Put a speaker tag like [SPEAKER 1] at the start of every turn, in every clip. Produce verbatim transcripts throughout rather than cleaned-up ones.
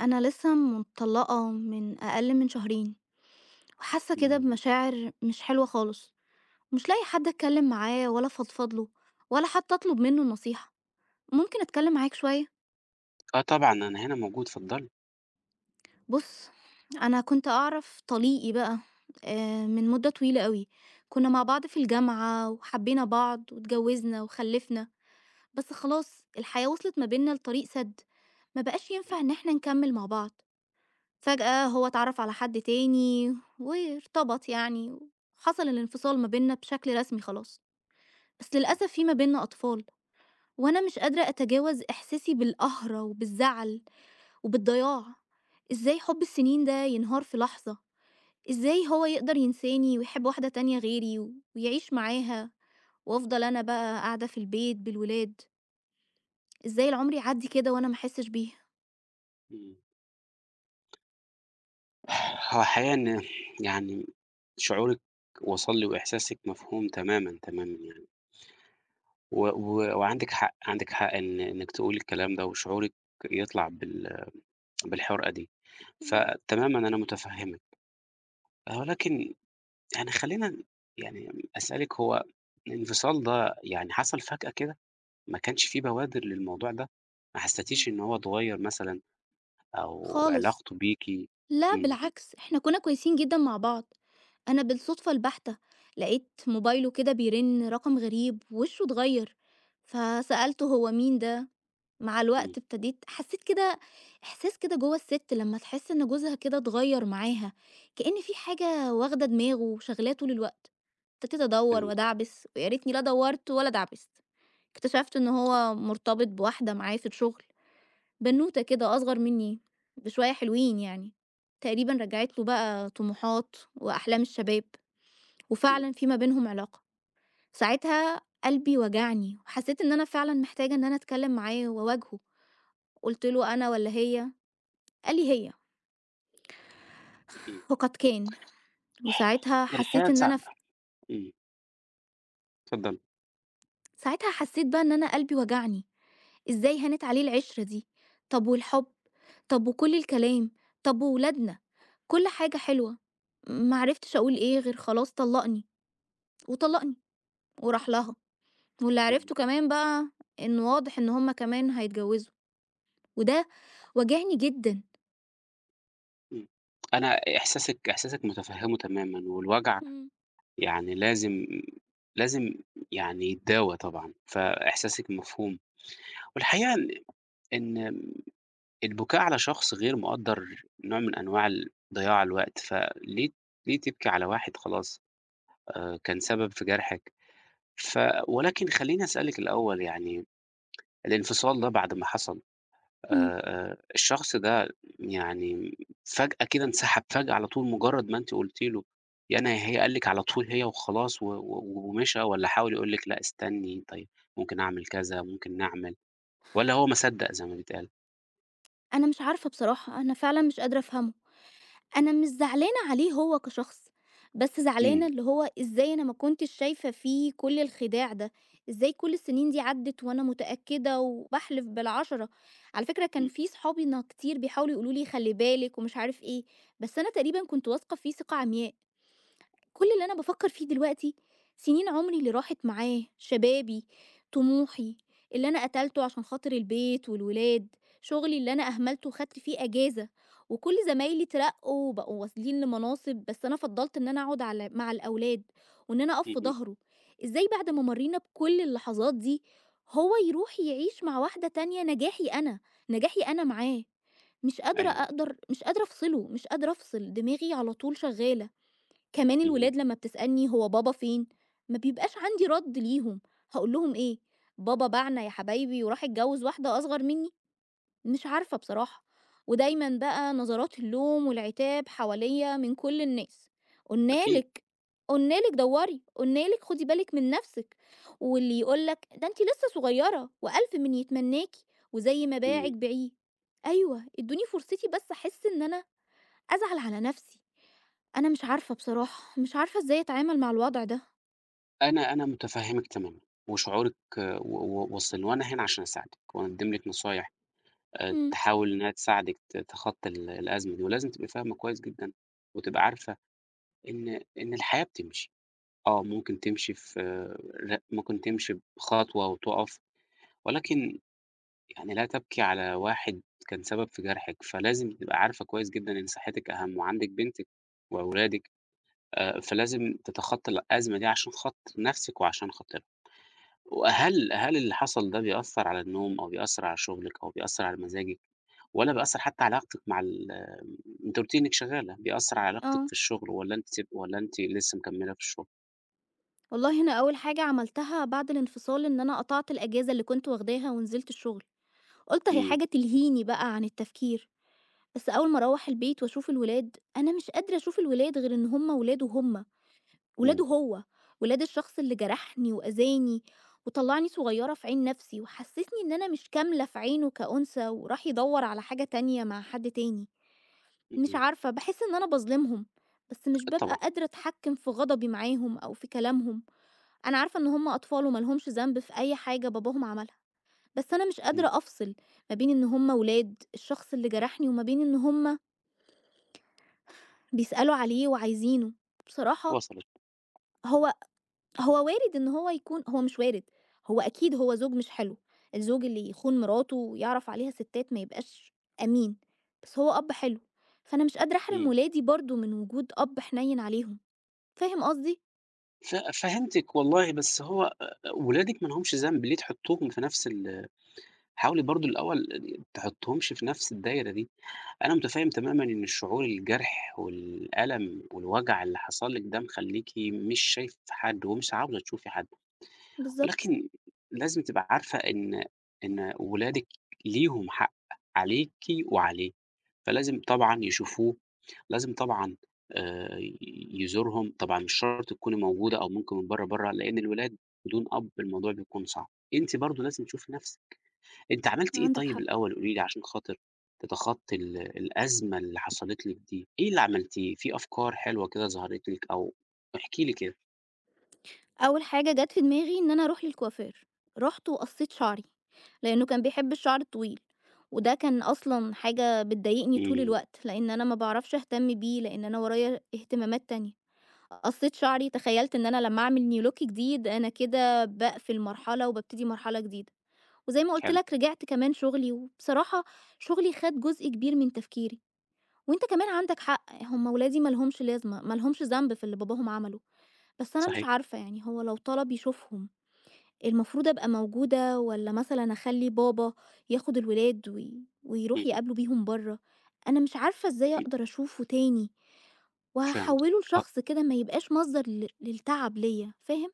[SPEAKER 1] أنا لسه مطلّقة من أقل من شهرين، وحاسة كده
[SPEAKER 2] إمم.
[SPEAKER 1] بمشاعر مش حلوة خالص، ومش لاقية حد أتكلم معاه ولا أفضفض له، ولا حتى أطلب منه النصيحة. ممكن أتكلم معاك شوية؟
[SPEAKER 2] آه طبعًا، أنا هنا موجود، اتفضلي.
[SPEAKER 1] بُص، أنا كنت أعرَف طليقي بقى آآ من مدة طويلة أوي، كنا مع بعض في الجامعة، وحبينا بعض، واتجوزنا وخلّفنا، بس خلاص الحياة وِصلت ما بيننا لطريق سد، ما بقاش ينفع إن إحنا نكمّل مع بعض، فجأة هو اتعرّف على حد تاني وارتبط يعني، وحصَل الانفصال ما بيننا بشكل رسمي خلاص، بس
[SPEAKER 2] إمم.
[SPEAKER 1] للأسف في ما بيننا أطفال، وأنا مش قادرة أتجاوز إحساسي بالقهرة وبالزعل وبالضياع، إزاي حُب السنين ده ينهار في لحظة؟ إزاي هو يقدَر ينساني ويحب واحدة تانية غِيري ويعيش معاها، وأفضَل أنا بقى قاعدة في البيت بالولاد؟! إزاي العمر يعدّي كده وأنا ما أحسش بيه؟
[SPEAKER 2] إمم. هو الحقيقة إن يعني شعورِك وصَل لي وإحساسِك مفهوم تمامًا، تمامًا يعني. و و وعندِك حق، عندِك حق إن إنِك تقولي الكلام ده وشعورِك يطلَع بال بالحُرقة دي،
[SPEAKER 1] إمم.
[SPEAKER 2] فتمامًا أنا مُتفهمِك، ولكن يعني خلّينا ن يعني أسألِك هو الانفصال ده يعني حصَل فجأة كده؟ ما كانش في بوادر للموضوع ده؟ ما
[SPEAKER 1] إمم.
[SPEAKER 2] حسّيتيش إن هو اتغيّر مثلًا؟ أو
[SPEAKER 1] خالص.
[SPEAKER 2] علاقته بيكِ
[SPEAKER 1] لا
[SPEAKER 2] إمم.
[SPEAKER 1] بالعكس، إحنا كنا كويسين جدًا مع بعض، أنا بالصدفة البحتة لقيت موبايله كده بيرن رقم غريب، وشه اتغيّر، فسألته "هو مين ده؟" مع
[SPEAKER 2] إمم.
[SPEAKER 1] الوقت ابتديت حسّيت كده إحساس كده جوّا السِت لمّا تحس إن جوزها كده اتغيّر معاها، كإن في حاجة واخدة دماغه وشاغلاه طُول الوقت، ابتديت أدوّر
[SPEAKER 2] فهمت.
[SPEAKER 1] وأدعبس، ويا ريتني لا دوّرت ولا دعبست، اكتشفت إن هو مرتبط بواحدة معاه في الشغل، بنوتة كده أصغر مني بشوية حلوين يعني، تقريبًا رجّعِت له بقى طموحات وأحلام الشباب،
[SPEAKER 2] إمم.
[SPEAKER 1] وفعلًا في ما بينهم علاقة، ساعتها قلبي وجعني، وحسّيت إن أنا فعلًا محتاجة إن أنا أتكلّم معاه وأواجهه، قُلت له: "أنا والّا هي؟" قال لي: "هي."
[SPEAKER 2] إمم.
[SPEAKER 1] وقد كان. وساعتها حسّيت
[SPEAKER 2] الحقيقة
[SPEAKER 1] إن أنا
[SPEAKER 2] صعبة.
[SPEAKER 1] ف
[SPEAKER 2] إمم. اتفضّلي.
[SPEAKER 1] ساعتها حسّيت بقى إن أنا قلبي وجعني. إزاي هانت عليه العشرة دي؟ طَب والحُب، طَب وكل الكلام، طَب وولادنا، كل حاجة حلوة. ما عرفتش أقول إيه غير خلاص طلّقني وطلّقني، وراح لها. واللي
[SPEAKER 2] إمم.
[SPEAKER 1] عرفته كمان بقى إن واضح إن هم كمان هيتجوِّزوا وده وجعني جدًا.
[SPEAKER 2] إمم. أنا إحساسِك إحساسِك متفهِّمه تمامًا والوجع
[SPEAKER 1] إمم.
[SPEAKER 2] يعني لازم لازم يعني يتداوى طبعًا، فإحساسِك مفهوم. والحقيقة ال إن م البكاء على شخص غير مقدَّر نوع من أنواع ال ضياع الوقت، فليه ليه تبكي على واحد خلاص آآ كان سبب في جرْحِك؟ ف ولكن خلّيني أسألِك الأول يعني الانفصال ده بعد ما حصل
[SPEAKER 1] إمم.
[SPEAKER 2] آآ الشخص ده يعني فجأة كده انسحب فجأة على طول مُجرّد ما أنتِ قُلتِ له يا أنا يا هي، قال لِك على طول هي وخلاص و و ومشى والّا حاول يقول لِك لأ استني، طيب ممكن أعمل كذا، ممكن نعمل والّا هو ما صدَّق زي ما بيتقال؟
[SPEAKER 1] أنا مش عارفة بصراحة، أنا فعلًا مش قادرة أفهمه. أنا مش زعلانة عليه هو كشخص، بس زعلانة
[SPEAKER 2] إمم.
[SPEAKER 1] اللي هو إزاي أنا ما كنتش شايفة فيه كل الخداع ده، إزاي كُل السنين دي عدّت وأنا متأكدة وباحلف بالعشرة، على فكرة كان
[SPEAKER 2] إمم.
[SPEAKER 1] في صحابي نا كتير بيحاولوا يقولوا لي خلّي بالِك ومش عارف إيه، بس أنا تقريبًا كنت واثقة فيه ثقة عمياء. كُل اللي أنا بافكّر في دلوقتي سنين عمري اللي راحت معاه، شبابي، طموحي، اللي أنا قتلته عشان خاطر البيت والولاد، شغلي اللي أنا أهملته وخدت فيه أجازة، وكُل زمايلي اترقوا وبقوا واصلين لمناصب، بس أنا فضّلت إن أنا أقعد على مع الأولاد، وإن أنا أقف في
[SPEAKER 2] اهم.
[SPEAKER 1] ضهره. إزاي بعد ما مرينا بكل اللحظات دي، هو يروح يعيش مع واحدة تانية نجاحي أنا، نجاحي أنا معاه. مش قادرة
[SPEAKER 2] أيوه.
[SPEAKER 1] أقدر مش قادرة أفصله، مش قادرة أفصل، دماغي على طول شغّالة. كمان
[SPEAKER 2] اهم.
[SPEAKER 1] الولاد لمّا بتسألني: "هو بابا فين"، ما بيبقاش عندي رد ليهم. هاقول لهم إيه؟ بابا باعنا يا حبايبي وراح اتجوّز واحدة أصغر مِنّي. مش عارفة بصراحة. ودايمًا بقى نظرات اللوم والعتاب حواليَّ من كل الناس. "قُلنا
[SPEAKER 2] أكيد.
[SPEAKER 1] لِك، قُلنا لِك دوَّري"، "قُلنا لِك خُدي بالِك من نفسِك". واللي يقول لك "ده أنتِ لسه صغيرة وألف من يتمناكِ، وزي ما باعِك
[SPEAKER 2] إمم.
[SPEAKER 1] بيعيه". أيوه، ادوني فرصتي بس أحس إن أنا أزعل على نفسي. أنا مش عارفة بصراحة، مش عارفة إزاي أتعامل مع الوضع ده.
[SPEAKER 2] أنا أنا متفهمِك تمامًا، وشعورِك و و واصلني، وأنا هنا عشان أساعدِك وأقدِّم لِك نصايح آآ،
[SPEAKER 1] إمم.
[SPEAKER 2] تحاول إن هي تساعدِك ت تخطّي ال الأزمة دي، ولازم تبقي فاهمة كويّس جدًا، وتبقي عارفة إن إن الحياة بتمشي، آه، ممكن تمشي في لأ ممكن تمشي بخطوة وتقف، ولكن يعني لا تبكي على واحد كان سبب في جرحِك، فلازم تبقي عارفة كويّس جدًا إن صحتِك أهم، وعندِك بنتِك وأولادِك، آآ فلازم تتخطي الأزمة دي عشان خاطر نفْسِك وعشان خاطرهم، وهل هل اللي حصل ده بيأثّر على النوم أو بيأثّر على شغلِك أو بيأثّر على مزاجِك؟ والّا بيأثّر حتّى علاقتِك مع ال أنتِ قُلتِ لي إنّك شغّالة، بيأثّر على علاقتِك في
[SPEAKER 1] آه.
[SPEAKER 2] الشغل والّا أنتِ سب والّا أنتِ لسّه مكمّلة في الشغل؟
[SPEAKER 1] والله أنا أوّل حاجة عملتها بعد الانفصال إن أنا قطعت الأجازة اللي كنت واخداها ونزلت الشغل، قُلت أهي
[SPEAKER 2] إمم.
[SPEAKER 1] حاجة تلهيني بقى عن التفكير، بس أوّل ما أروّح البيت وأشوف الولاد، أنا مش قادرة أشوف الولاد غير إن هُم ولاده هُم
[SPEAKER 2] إمم.
[SPEAKER 1] ولاده هو، ولاد الشخص اللي جرحني وأذاني، وطلعني صغيّرة في عين نفْسي، وحسّسني إن أنا مش كاملة في عينه كأنثى، وراح يدوّر على حاجة تانية مع حد تاني، مش
[SPEAKER 2] اهم.
[SPEAKER 1] عارفة، باحس إن أنا باظلمهم، بس مش بابقى
[SPEAKER 2] الطمع.
[SPEAKER 1] قادرة أتحكم في غضبي معاهم أو في كلامهم، أنا عارفة إن هُم أطفال وما لهمش ذنب في أي حاجة باباهم عملها، بس أنا مش
[SPEAKER 2] إمم.
[SPEAKER 1] قادرة أفصل ما بين إن هُم ولاد الشخص اللي جرحني، وما بين إن هُم بيسألوا عليه وعايزينه. بصراحة
[SPEAKER 2] وصلت.
[SPEAKER 1] هو هو وارد إن هو يكون هو مش وارد، هو أكيد هو زوج مش حلو، الزوج اللي يخون مراته ويعرف عليها ستات ما يبقاش أمين، بس هو أب حلو، فأنا مش قادرة أحرم
[SPEAKER 2] إمم.
[SPEAKER 1] ولادي برضو من وجود أب حنين عليهم. فاهم قصدي؟
[SPEAKER 2] ف فهمتِك والله، بس هو آآ ولادِك ما لهمش ذَنْب، ليه تحُطّوهم في نَفْس ال حاولي برضه الأول [unintelligible] تحُطّوهمش في نَفْس الدايرة دي. أنا مُتفهِّم تمامًا إن الشعور الجرح والألم والوجع اللي حصل لِك ده مخلّيكِ مش شايفة حد ومش عاوزة تشوفي حد.
[SPEAKER 1] بالضبط.
[SPEAKER 2] ولكن لازم تبقي عارفة إن إن ولادِك ليهم حق عليكِ وعليه، فلازم طبعًا يشوفوه، لازم طبعًا آآ يزورهم. طبعًا مش شرط تكوني موجودة أو ممكن من برّه، برّه، لإن الولاد بدون أب الموضوع بيكون صعب. أنتِ برضه لازم تشوفي نَفْسِك. أنتِ عملتِ إيه
[SPEAKER 1] عندك
[SPEAKER 2] طيب
[SPEAKER 1] حق.
[SPEAKER 2] الأول قولي لي عشان خاطر تتخطّي ال الأزمة اللي حصلِت لِك دي، إيه اللي عملتيه؟ في أفكار حلوة كده ظهرِت لِك أو احكي لي كده؟
[SPEAKER 1] أول حاجة جات في دماغي إن أنا أروح للكوافير، رُحت وقصّيت شعري، لإنّه كان بيحب الشعر الطويل، وده كان أصلًا حاجة بتضايقني طول
[SPEAKER 2] إمم.
[SPEAKER 1] الوقت، لإن أنا ما باعرفش أهتم بيه، لإن أنا ورايا اهتمامات تانية. قصّيت شعري، تخيلّت إن أنا لمّا أعمل new look جديد، أنا كده باقفل مرحلة وبابتدي مرحلة جديدة. وزي ما قُلت
[SPEAKER 2] حلو.
[SPEAKER 1] لك رجعت كمان شُغلي وبصراحة شُغلي خَد جزء كبير من تفكيري. وأنت كمان عندك حق، هم ولادي مالهمش لازمة ما لهمش ذَنْب في اللي باباهم عمله. بس أنا مش
[SPEAKER 2] صحيح.
[SPEAKER 1] عارفة، يعني هو لو طلب يشوفهم، المفروض أبقى موجودة والّا مثلًا أخلّي بابا ياخُد الولاد وي ويروح
[SPEAKER 2] اهم.
[SPEAKER 1] يقابله بيهم برّه؟ أنا مش عارفة إزاي
[SPEAKER 2] إمم.
[SPEAKER 1] أقدر أشوفه تاني
[SPEAKER 2] فهمتِك،
[SPEAKER 1] وهاحوِّله
[SPEAKER 2] أ
[SPEAKER 1] لشخص كده ما يبقاش مصدر ل للتعب ليّا، فاهم؟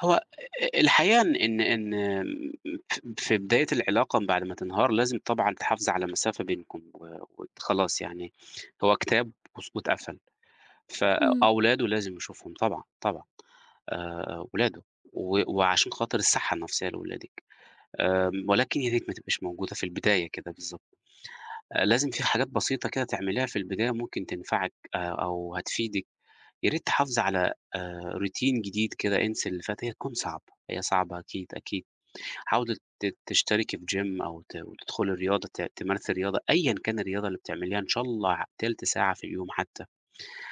[SPEAKER 2] هو أ أ الحقيقة إن إن إن م ف في بداية العلاقة بعد ما تنهار لازم طبعًا تحافظي على مسافة بينكم و وت خلاص يعني، هو كتاب وس واتقفل،
[SPEAKER 1] إمم.
[SPEAKER 2] فأولاده لازم يشوفهم طبعًا، طبعًا. آآ، أولاده، و وعشان خاطر الصحّة النفسيّة لولادِك، آمم، ولكن يا ريت ما تبقيش موجودة في البداية كده بالضبط، آآ لازم في حاجات بسيطة كده تعمليها في البداية ممكن تنفعِك آآ، أو هتفيدِك. يا ريت تحافظي على آآ، routine جديد كده، انسي اللي فات، هي تكون صعبة، هي صعبة أكيد، أكيد، حاولي ت تشتركي في gym أو ت وتدخلي رياضة، ت تمارسي الرياضة أيًا كان الرياضة اللي بتعمليها، إن شاء الله تلت ساعة في اليوم حتّى،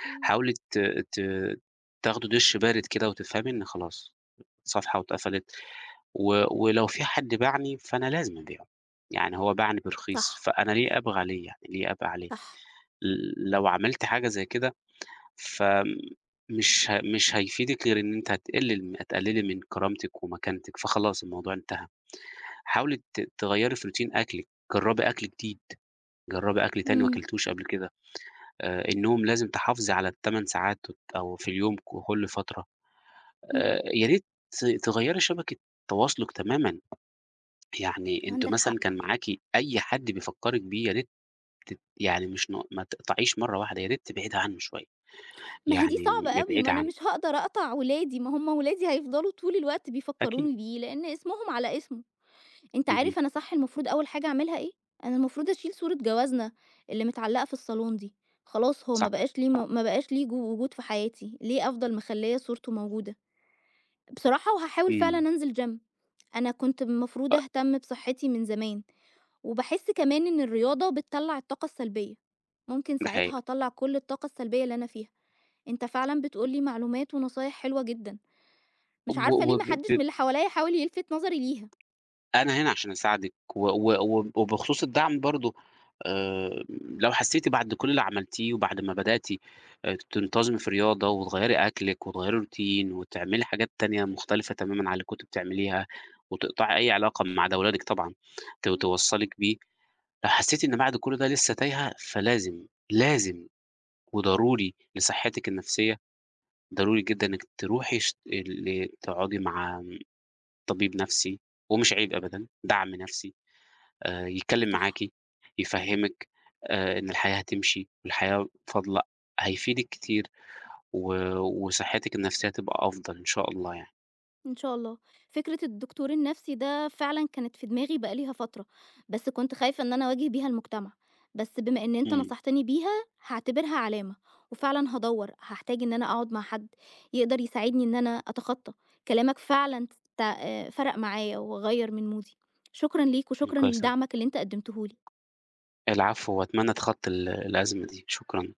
[SPEAKER 1] إمم.
[SPEAKER 2] حاولي ت ت تاخدي دُش بارد كده وتفهمي إن خلاص صفحة واتقفلت، و ولو في حد باعني فأنا لازم أبيعه، يعني هو باعني برخيص،
[SPEAKER 1] صح.
[SPEAKER 2] فأنا ليه أبغى عليه يعني، ليه أبقى عليه،
[SPEAKER 1] صح.
[SPEAKER 2] لو عملتِ حاجة زي كده، فمش ه مش هيفيدِك غير إن أنتِ هتقلل م هتقللي من كرامتِك ومكانتِك فخلاص الموضوع انتهى، حاولي ت تغيّري في routine أكلِك، جرّبي أكل جديد، جرّبي أكل تاني ما
[SPEAKER 1] إمم.
[SPEAKER 2] كلتيهوش قبل كده، آآ النوم لازم تحافظي على التمن ساعات وت أو في اليوم ك كلّ فترة،
[SPEAKER 1] إمم.
[SPEAKER 2] آآ يا ريت تغيّري شبكة تواصلِك تمامًا، يعني أنتِ
[SPEAKER 1] عندك
[SPEAKER 2] مثلًا
[SPEAKER 1] حق.
[SPEAKER 2] كان معاكِ أي حد بيفكّرِك بيه يا ريت تت يعني مش ن ما تقطعيش مرّة واحدة، يا ريت تبعدي عنّه شويّة،
[SPEAKER 1] ما هي دي
[SPEAKER 2] يعني م
[SPEAKER 1] صعبة أوي، ما
[SPEAKER 2] ابعدي
[SPEAKER 1] أنا
[SPEAKER 2] عنّه.
[SPEAKER 1] مش هاقدر أقطع ولادي، ما هُم ولادي هيفضلوا طول الوقت
[SPEAKER 2] أكيد.
[SPEAKER 1] بيفكروني بيه، لإن اسمهم على اسمه، أنت
[SPEAKER 2] اهم.
[SPEAKER 1] عارف أنا صح المفروض أوّل حاجة أعملها إيه، أنا المفروض أشيل صورة جوازنا اللي متعلّقة في الصالون دي، خلاص، هو ما
[SPEAKER 2] صح،
[SPEAKER 1] بقاش ليه
[SPEAKER 2] صح.
[SPEAKER 1] م ما بقاش ليه جو وجود في حياتي، ليه أفضل مخلّية صورته موجودة، بصراحة، وهاحاول فعلًا
[SPEAKER 2] إمم.
[SPEAKER 1] أنزل gym، أنا كنت المفروض أهتم بصحتي من زمان، وباحس كمان إن الرياضة بتطلّع الطاقة السلبيّة، ممكن
[SPEAKER 2] ده
[SPEAKER 1] ساعتها
[SPEAKER 2] حقيقة.
[SPEAKER 1] أطلّع كلّ الطاقة السلبيّة اللي أنا فيها، أنت فعلًا بتقول لي معلومات ونصايح حلوة جدًا، مش
[SPEAKER 2] اب
[SPEAKER 1] عارفة ليه
[SPEAKER 2] وب
[SPEAKER 1] ما
[SPEAKER 2] ب
[SPEAKER 1] حدش
[SPEAKER 2] ب
[SPEAKER 1] من اللي حواليّا حاول يلفت نظري ليها.
[SPEAKER 2] أنا هنا عشان أساعدِك، و و وب وبخصوص الدعم برضه آآ، لو حسّيتِ بعد كلّ اللي عملتيه وبعد ما بدأتِ آآ، تنتظمي في رياضة وتغيّري أكلِك وتغيّري routine وتعملي حاجات تانية مختلفة تمامًا عن اللي كنتِ بتعمليها، وتقطعي أي علاقة ما عدا ولادِك طبعًا ت
[SPEAKER 1] إمم.
[SPEAKER 2] توصّلِك بيه، لو حسّيتِ إن بعد كلّ ده لسّه تايهة فلازم، لازم وضروري لصحتِك النفسية، ضروري جدًا إنِّك تروحي شت ال تقعدي مع امم، طبيب نفْسي، ومش عيب أبدًا، دعم نفْسي، آآ يتكلّم
[SPEAKER 1] صح.
[SPEAKER 2] معاكِ، يفهّمِك، آآ إن الحياة هتمشي والحياة فاضلة، هيفيدِك كتير، و وصحتِك النفسية هتبقى أفضل إن شاء الله يعني.
[SPEAKER 1] إن شاء الله، فكرة الدكتور النفْسي ده فعلًا كانت في دماغي بقى ليها فترة، بس كنت خايفة إن أنا أواجه بيها المجتمع، بس بما إن أنت
[SPEAKER 2] إمم.
[SPEAKER 1] نصحتني بيها، هاعتبرها علامة، وفعلًا هادوّر، هاحتاج إن أنا أقعد مع حد يقدر يساعدني إن أنا أتخطّى، كلامك فعلًا ت ت فرَق معايا، وغيّر من مودي. شكرًا ليك،
[SPEAKER 2] إمم،
[SPEAKER 1] وشكرًا
[SPEAKER 2] كويس أوي.
[SPEAKER 1] لدعمك اللي أنت قدّمته لي.
[SPEAKER 2] العفو. وأتمنى تتخطي ال الأزمة دي. شكرًا.